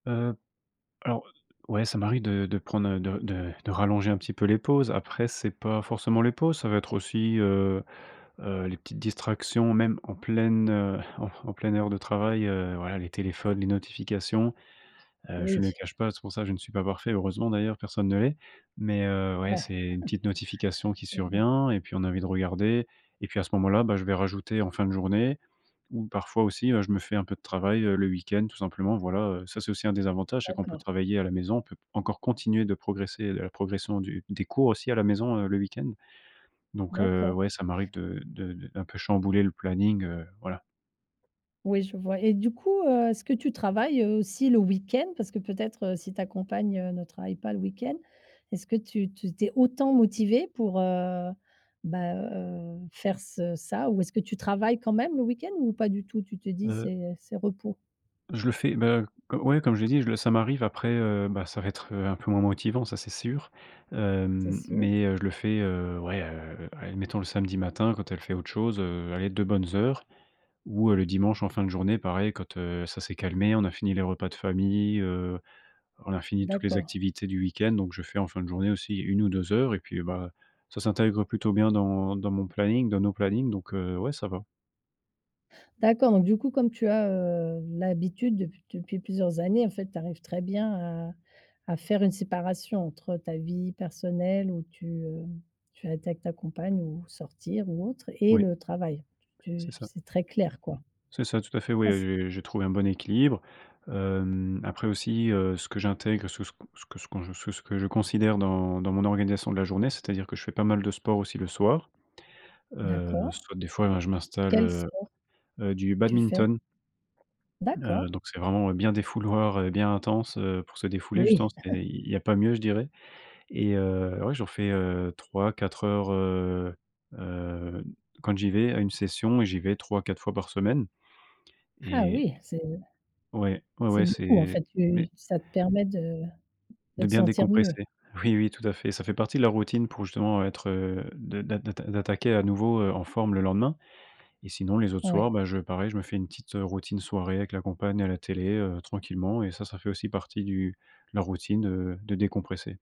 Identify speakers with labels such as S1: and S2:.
S1: Heu, alors, heu, ouais, ça m'arrive de de prendre de de de rallonger un petit peu les pauses. Après, c'est pas forcément les pauses. Ça va être aussi, heu heu, les petites distractions, même, en pleine, heu, en en pleine heure de travail, heu, voilà, les téléphones, les notifications. Heu, je ne
S2: Oui.
S1: le cache pas, c'est pour ça, je ne suis pas parfait, heureusement, d'ailleurs, personne ne l'est. Mais heu,
S2: Bah,
S1: ouais, c'est une petite notification qui
S2: Mmh, ouais.
S1: survient et puis on a envie de regarder et puis à ce moment-là, bah, je vais rajouter en fin de journée ou parfois aussi, ben, je me fais un peu de travail, heu, le week-end, tout simplement, voilà, heu. Ça, c'est aussi un des avantages, c'est qu'on peut
S2: D'accord.
S1: travailler à la maison. On peut encore continuer de progresser, de la progression du des cours, aussi, à la maison, heu, le week-end. Donc heu,
S2: D'accord.
S1: ouais, ça m'arrive de de de d'un peu chambouler le planning, heu, voilà.
S2: Oui, je vois et du coup, heu, est-ce que tu travailles, heu, aussi, le week-end? Parce que, peut-être, heu, si ta compagne, heu, ne travaille pas le week-end, est-ce que tu tu tu es autant motivé pour, heu, bah, heu, faire ce ça ou est-ce que tu travailles, quand même, le week-end? Ou pas du tout? Tu te dis:
S1: Heu
S2: «C'est, heu, c'est repos»?
S1: je le fais, ben, heu, co comme je l'ai dit, je le ça m'arrive après, heu, bah, ça va être, heu, un peu moins motivant, ça, c'est sûr,
S2: C'est
S1: hem.
S2: sûr.
S1: Mais heu, je le fais, heu, ouais, heu, allez, admettons, le samedi matin quand elle fait autre chose, heu, allez 2 bonnes heures ou heu, le dimanche, en fin de journée, pareil, quand, heu, ça s'est calmé, on a fini les repas de famille, heu, on a fini toutes les
S2: D'accord.
S1: activités du week-end, donc je fais en fin de journée aussi 1 ou 2 heures et puis, bah, ça s'intègre plutôt bien dans dans mon planning, dans nos plannings, donc heu, ouais, ça va.
S2: D'accord, donc du coup, comme tu as, heu, l'habitude dep depuis plusieurs années, en fait, tu arrives très bien à à faire une séparation entre ta vie personnelle où tu, heu, tu es avec ta compagne ou sortir ou autre et
S1: Oui.
S2: le travail. Tu
S1: C'est ça.
S2: c'est très clair, quoi.
S1: C'est ça. Tout à fait, ouais,
S2: Ah c
S1: heu heu, j'ai trouvé un bon équilibre. Hem, après, aussi, heu, ce que j'intègre, ce que ce que ce s qu'on ce que ce que je considère dans dans mon organisation de la journée, c'est-à-dire que je fais pas mal de sport, aussi, le soir. Heu,
S2: D'accord.
S1: soit des fois, ben, je m'installe
S2: Quel
S1: heu
S2: sport.
S1: heu, du
S2: tu fais?
S1: badminton. Heu,
S2: D'accord.
S1: donc c'est vraiment bien défouloir et bien intense, heu, pour se défouler, justement,
S2: Oui.
S1: c'est il y a pas mieux, je dirais et heu, ouais, j'en fais, heu, 3-4 heures, heu heu, quand j'y vais, à une session et j'y vais 3-4 fois par semaine.
S2: Ah,
S1: Et
S2: oui, c'est heu
S1: Ouais. Ouais,
S2: c'est
S1: ouais,
S2: beaucoup, en
S1: c'est
S2: fait,
S1: mais
S2: tu ça te permet de de
S1: De
S2: te
S1: bien
S2: sentir mieux.
S1: décompresser. Oui, oui, tout à fait. Ca fait partie de la routine pour justement être, heu, de d'a d'atta d'attaquer, à nouveau, heu, en forme, le lendemain. Et sinon les autres soirs,
S2: Ouais.
S1: bah, je pareil, je me fais une petite, heu, routine soirée avec la compagne à la télé, heu, tranquillement et ça, ça fait aussi partie du de la routine, heu, de décompresser.